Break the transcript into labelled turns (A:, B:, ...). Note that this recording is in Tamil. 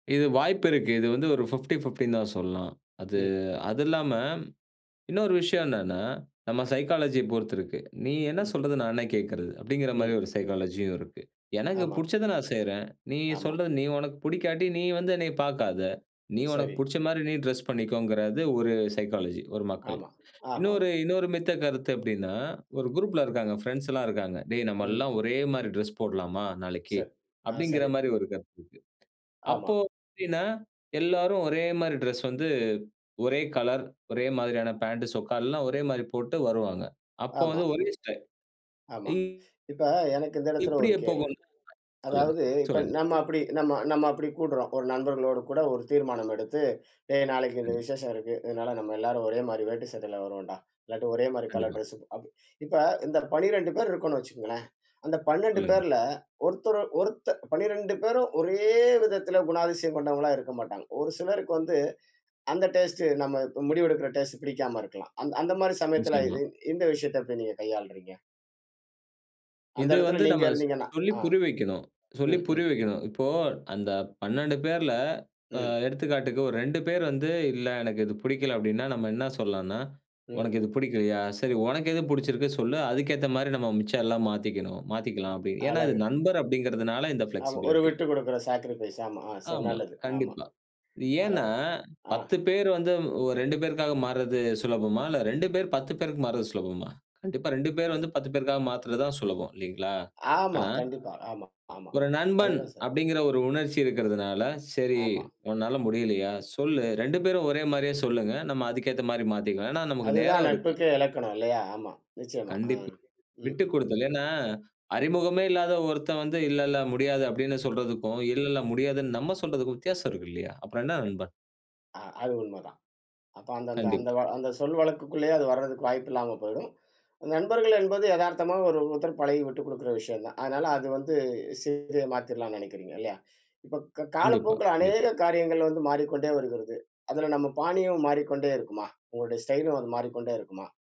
A: இது வாய்ப்பு இருக்கு. இது வந்து ஒரு 50, 50 தான் சொல்லலாம். அது
B: ம்.
A: அது இல்லாம இன்னொரு விஷயம் என்னன்னா, நம்ம சைக்காலஜிய பொறுத்து இருக்கு. "நீ என்ன
B: ம்.
A: சொல்றது நான் என்ன கேட்கறது" அப்படிங்கிற மாதிரி
B: ம்.
A: ஒரு சைக்காலஜி இருக்கு. எனக்கு
B: ஆமா.
A: புடுச்சதை நான் செய்யறேன். நீ
B: ஆமா.
A: சொல்றது, நீ உனக்கு பிடிக்காட்டி நீ வந்து என்னை பார்க்காத. நீ உனக்கு
B: சரி.
A: பிடிச்ச மாதிரி நீ டிரெஸ் பண்ணிக்கோங்கிறது, ஒரு சைக்காலஜி, ஒரு மக்கள்.
B: ஆமா, ஆமாம்.
A: இன்னொரு இன்னொரு மித்த கருத்து எப்படின்னா, ஒரு குரூப்ல இருக்காங்க. பிரெண்ட்ஸ் எல்லாம் இருக்காங்க. "டேய் நம்ம
B: ம்.
A: எல்லாம் ஒரே மாதிரி டிரெஸ் போடலாமா நாளைக்கு."
B: சரி, அ,
A: அப்படிங்கிற
B: சரி.
A: மாதிரி ஒரு கருத்து இருக்கு.
B: ஆமா.
A: அப்போ எப்படின்னா, எல்லாரும் ஒரே மாதிரி டிரெஸ் வந்து ஒரே கலர், ஒரே மாதிரியான பாண்ட் சொக்க எல்லாம் ஒரே மாதிரி போட்டு வருவாங்க. அப்போ
B: ஆமா.
A: வந்து ஒரே ஸ்டைல்.
B: ஆமா.
A: இங்
B: இப்போ எனக்கு இந்த இடத்தில ஒரு
A: இப்படியே போக
B: கேள்வி.
A: சொல்லுங்க,
B: அதாவது இப்ப
A: சொல்லுங்க.
B: நம்ம அப்படி நம்ம நம்ம அப்படி கூடுறோம். ஒரு நண்பர்களோடு கூட ஒரு தீர்மானம் எடுத்து "டேய் நாளைக்கு இந்த
A: கண்டிப்
B: விசேஷம் இருக்கு. அதனால நம்ம எல்லாரும் ஒரே மாதிரி வேட்டி சட்டையில வருவோம்டா. இல்லாட்டி ஒரே மாதிரி கலர்
A: கண்டிப்பா.
B: டிரெஸ்" இப்ப இந்த 12 பேர் இருக்கோம்னு வச்சுக்கோங்களேன். அந்த 12
A: சொல்லுங்க.
B: பேரில் ஒருத்தரு ஒருத் 12 பேரும் ஒரே விதத்தில் குணாதிசயம் கொண்டவங்களா இருக்க மாட்டாங்க. ஒரு சிலருக்கு வந்து அந்த டேஸ்ட் நம்ம முடிவு எடுக்கிற டேஸ்ட் பிடிக்காம இருக்கலாம். அந் அந்த மாதிரி சமயத்தில, இது
A: நிச்சயமா.
B: இந்த விஷயத்தை எப்டி நீங்க கையாளுறீங்க? அந்த
A: இது
B: இடத்துல
A: வந்து
B: நீங்க
A: நம்ம
B: இருந்தீங்கன்னா.
A: சொல்லி
B: அ
A: புரிய வைக்கணும் சொல்லி
B: ம்,
A: புரிய
B: ம்.
A: வைக்கணும். இப்போ அந்த 12 பேர்ல, அ
B: ம்.
A: எடுத்துக்காட்டுக்கு ஒரு 2 பேர் வந்து "இல்ல எனக்கு இது பிடிக்கல." அப்படின்னா நம்ம என்ன சொல்லலாம்னா
B: ம்.
A: "உனக்கு இது பிடிக்கலையா சரி, உனக்கு எது பிடிச்சிருக்கு சொல்லு, அதுக்கேத்த மாதிரி நம்ம மிச்சம் எல்லாம் மாத்திக்கணும்
B: அ
A: மாத்திக்கலாம்." அப்படின்னு ஏன்னா இது
B: அழகு.
A: நண்பர் அப்படிங்கிறதுனால இந்த
B: ஆமா, ஒரு
A: ஃப்ளெக்ஸிபிலிட்டி.
B: விட்டு குடுக்குற சாக்ரிஃபைஸ் ஆமா
A: ஆமா.
B: நல்லது. ஆமா.
A: கண்டிப்பா. ஏன்னா
B: அழகு. அ,
A: 10 பேர் வந்து 2 பேருக்காக மாற்றது சுலபமா? இல்ல 2 பேர் 10 பேருக்கு மாற்றது சுலபமா? கண்டிப்பா 2 பேர் வந்து 10 பேருக்காக மாத்துறது தான் சுலபம். இல்லைங்களா?
B: ஆமா.
A: ஆனா
B: கண்டிப்பா, ஆமா.
A: ஒரு
B: ஆமாமா.
A: நண்பன்.
B: அதுதான் சரி.
A: அப்படிங்கிற ஒரு உணர்ச்சி இருக்கிறதுனால, சரி
B: ஆமா.
A: உன்னால முடியலையா? சொல்லு 2 பேரும் ஒரே மாதிரியே சொல்லுங்க. நம்ம அதுக்கு ஏத்த மாதிரி மாத்திக்கலாம். ஏன்னா நமக்கு
B: அதுதான்
A: நேரம் இருக்கு.
B: நட்புக்கே இலக்கணம் இல்லையா? ஆமா, நிச்சயமா. அ,
A: கண்டிப்பா.
B: ம், ம், ம்.
A: விட்டுக்கொடுத்தல். ஏன்னா, அறிமுகமே இல்லாத ஒருத்தன் வந்து இல்ல, இல்ல முடியாது அப்படின்னு சொல்றதுக்கும், இல்ல, இல்ல முடியாதுன்னு நம்ம சொல்றதுக்கும் வித்தியாசம் இருக்கு இல்லையா? அப்புறம் என்ன
B: க
A: நண்பன்.
B: அ, அது உண்மதான். அப்போ அந்த அந்த அந்த
A: கண்டிப்பா.
B: வ அந்த சொல் வழக்குக்குள்ளேயே அது வரதுக்கு வாய்ப்பில்லாம போய்டும். நண்பர்கள் என்பது எதார்த்தமா ஒரு ஒருத்தர் பழகி விட்டுக் கொடுக்கிற விஷயம் தான். அதனால அது வந்து சிறுது மாத்திடலாம்னு நினைக்கிறீங்க இல்லையா. இப்போ க
A: கண்டிப்பா,
B: காலப்போக்கில
A: கண்டிப்
B: அநேக காரியங்கள் வந்து மாறிக்கொண்டே வருகிறது. அதில நம்ம பாணியும் மாறிக்கொண்டே இருக்குமா? உங்களுடைய ஸ்டைலும் அது மாறிக்கொண்டே இருக்குமா?